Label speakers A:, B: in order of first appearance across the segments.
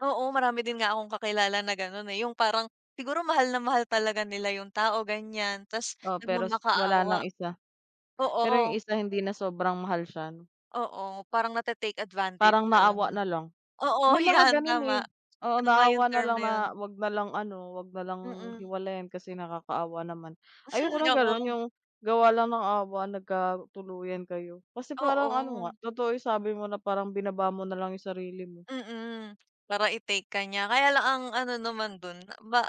A: Oo, marami din nga akong kakilala na gano'n eh, yung parang siguro mahal na mahal talaga nila yung tao, ganiyan ta's
B: Oo, pero s wala
A: nagmamakaawa.
B: ng isa, pero yung,
A: Oo.
B: isa hindi na sobrang mahal siya no.
A: Oo, parang nate-take advantage
B: Parang
A: nalang,
B: naawa
A: 'no?
B: nalang.
A: Oo,
B: May mga
A: yan
B: gano'n eh,
A: tama.
B: oo,
A: Tama yung
B: naawa
A: term
B: nalang
A: na
B: na
A: yun.
B: 'wag nalang ano, 'wag nalang
A: Mm.
B: hiwalayan kasi nakakaawa naman. Ayoko ng gano'n,
A: Oo.
B: yung gawa lang ng awa, nagkatuluyan kayo. Kasi parang ano nga,
A: Oo.
B: totoo sabi mo na parang binaba mo nalang yung sarili mo.
A: Mm. Para i-take ka niya. Kaya lang ang ano naman dun, na ba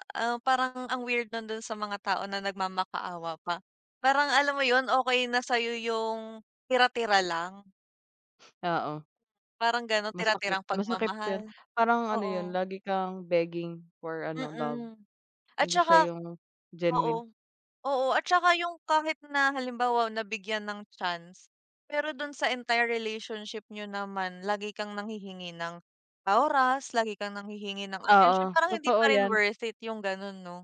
A: parang ang weird nun dun sa mga tao na nagmamakaawa pa. Parang alam mo yun, okey na sa'yo yung tira-tira lang.
B: Oo.
A: Parang gano'n,
B: Masakit,
A: tira-tirang
B: masakit. Pero
A: pagmamahal,
B: parang ano yun,
A: oo.
B: lagi kang begging for ano, love.
A: Mm. At
B: Hindi siya
A: tsaka
B: yung genuine.
A: oo, oo at tsa, yung kahit na halimbawa nabigyan ng chance pero dun sa entire relationship niyo naman lagi kang nanghihingi ng oras, lagi kang nanghihingi ng atensyon,
B: Oo,
A: parang hindi
B: totoo
A: pa rin
B: yan.
A: worth it yung gano'n, 'no?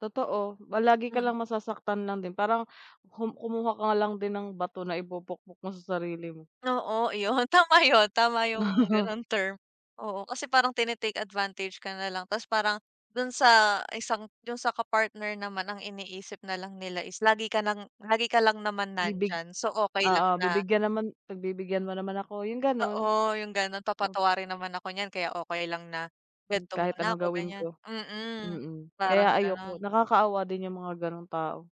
B: Totoo, lagi ka
A: Mm.
B: lang masasaktan lang din. Parang ku kumuha ka lang din ng bato na ipupukpok mo sa sarili mo.
A: Oo, iyon, tama yun, tama yung gano'ng term, oo. Kasi parang tine-take advantage ka nalang ta's parang dun sa isang dun sa ka-partner naman ang iniisip nalang nila is lagi ka ng lagi ka lang naman
B: Bibig
A: nandiyan. So, okey lang
B: oo,
A: na
B: bibigyan naman pagbibigyan mo naman ako, yung
A: Oo,
B: gano'n.
A: yung gano'n,
B: Op
A: papatawarin naman ako niyan kaya okey lang na
B: Hmm,
A: kwento
B: kahit
A: muna
B: anong
A: ako,
B: gawin
A: ganiyan.
B: ko.
A: Mm,
B: Mm,
A: parang
B: kaya
A: gano'n.
B: ayoko. Nakakaawa din yung mga ganung tao.